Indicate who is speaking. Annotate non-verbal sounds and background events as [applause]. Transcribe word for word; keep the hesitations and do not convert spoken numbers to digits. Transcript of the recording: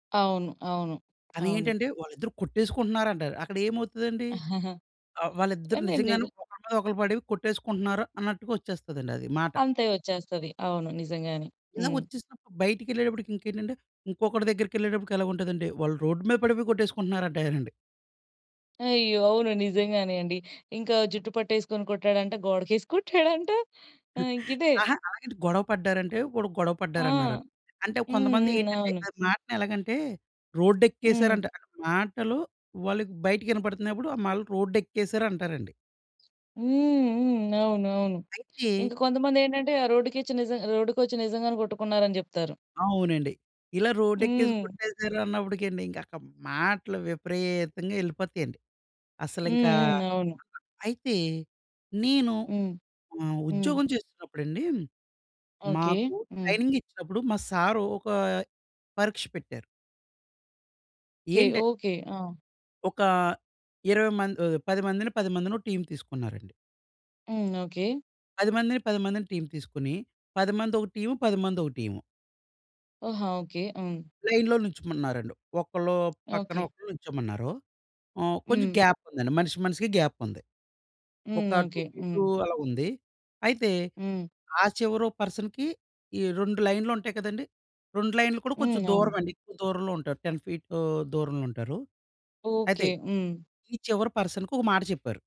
Speaker 1: అవును. అవును.
Speaker 2: కానీ
Speaker 1: అవును.
Speaker 2: ఏంటంటే వాళ్ళిద్దరూ కొట్టేసుకుంటున్నారంటారు. అక్కడ ఏమవుతదండి
Speaker 1: [chuckles]
Speaker 2: ఆ! వాళ్ళిద్దరూ
Speaker 1: కానీ
Speaker 2: నిజంగానే
Speaker 1: నిజం
Speaker 2: ఒకళ్ళ మీద ఒకళ్ళు పడి కొట్టేసుకుంటున్నారు. అన్నట్టుగా వచ్చేస్తదండి అది మాట.
Speaker 1: అంతే వచ్చేస్తది. అవును. నిజంగానే.
Speaker 2: ఇలా
Speaker 1: హ్మ్.
Speaker 2: వచ్చేసినప్పుడు బయటిళ్ళేటప్పటికి ఇంకేంటంటే, ఇంకొకడి దగ్గరికి ఎళ్ళేటప్పటికి ఎలాగ ఉంటదంటే వాళ్ళు రోడ్ మీద పడిపోయి కొట్టేసుకుంటున్నారంటారండి.
Speaker 1: అయ్యో! అవును. నిజంగానే అండి. ఇంకా జుట్టు పట్టేసుకొని కొట్టాడంట, గోడకేసి కొట్టాడంట, [chuckles] ఆ!
Speaker 2: [chuckles]
Speaker 1: ఇంకిదే.
Speaker 2: అహ! అలాగని గొడవ పడ్డారంటే, వాడు గొడవ
Speaker 1: ఆ!
Speaker 2: పడ్డారన్నారా? అంటే కొంతమంది
Speaker 1: హుహు.
Speaker 2: ఏంటంటే
Speaker 1: అవును.
Speaker 2: ఆ మాటని ఎలాగంటే
Speaker 1: హ్మ్.
Speaker 2: రోడ్డేక్కేసారంట మాటలు వాళ్ళకి బయటకి వినపడుతున్నప్పుడు ఆ మళ్ళ రోడ్డేక్కేసారు అంటారండి.
Speaker 1: హ్మ్. హ్మ్. అవునవును.
Speaker 2: అయితే
Speaker 1: ఇంక కొంతమందేంటంటే ఆ రోడ్డు‌‌కిచ్చి నిజం రోడ్డుకొచ్చి నిజంగానే కొట్టుకున్నారని చెప్తారు.
Speaker 2: అవునండి. ఇలా రోడ్డెక్కే‌సి
Speaker 1: హ్మ్.
Speaker 2: కొట్టేసారన్నప్పటికండి ఇంక అక్కడ మాటలు విపరీతంగా ఎళ్ళిపోతయండి.
Speaker 1: హుహు.
Speaker 2: అసలింక
Speaker 1: అవును.
Speaker 2: అయితే నేను
Speaker 1: హ్మ్.
Speaker 2: హ్మ్.
Speaker 1: హ్మ్.
Speaker 2: ఉద్యోగం చేస్తున్నప్పుడండి
Speaker 1: ఓకే.
Speaker 2: మాకు
Speaker 1: హ్మ్.
Speaker 2: ట్రైనింగ్ ఇచ్చినప్పుడు మా సారు ఒక పరీక్ష పెట్టారు.
Speaker 1: కే.
Speaker 2: ఏంట
Speaker 1: ఓకే. ఆ!
Speaker 2: ఒక ఇరవై మం ఆహ్, పది మందిని, పది మందినో టీమ్ తీసుకున్నారండి.
Speaker 1: హ్మ్. ఓకే.
Speaker 2: పది మందిని, పది మందిని, టీమ్ తీసుకొని, పది మందొక టీము పది మందొక టీము.
Speaker 1: ఆహా! ఓకే. హ్మ్.
Speaker 2: లైన్‌లో నుంచోమన్నారండి. ఒకళ్ళు పక్కన
Speaker 1: ఓకే.
Speaker 2: ఒకళ్ళు నుంచోమన్నారు. ఆహ్, కొంచెం
Speaker 1: హ్మ్.
Speaker 2: గ్యాప్ ఉందండి. మనిషి మనిషికి గ్యాప్ ఉంది. ఒక
Speaker 1: హ్మ్.
Speaker 2: Two
Speaker 1: okay.
Speaker 2: ఫీటు
Speaker 1: హ్మ్.
Speaker 2: అలా ఉంది. అయితే
Speaker 1: హ్మ్.
Speaker 2: ఆ చివరో పర్సన్‌కి ఈ రెండు లైనులు ఉంటయి కదండీ. రెండు లైనులు కూడా కొంచెం
Speaker 1: హ్మ్. అవును.
Speaker 2: దూరమండి ఎక్కువ దూరంలో ఉంటారు. టెన్ ఫీట్ దూరంలో ఉంటారు. అయితే,
Speaker 1: ఓకే. హ్మ్.
Speaker 2: ఈ చివరి పర్సన్‌కి ఒక మాట చెప్పారు.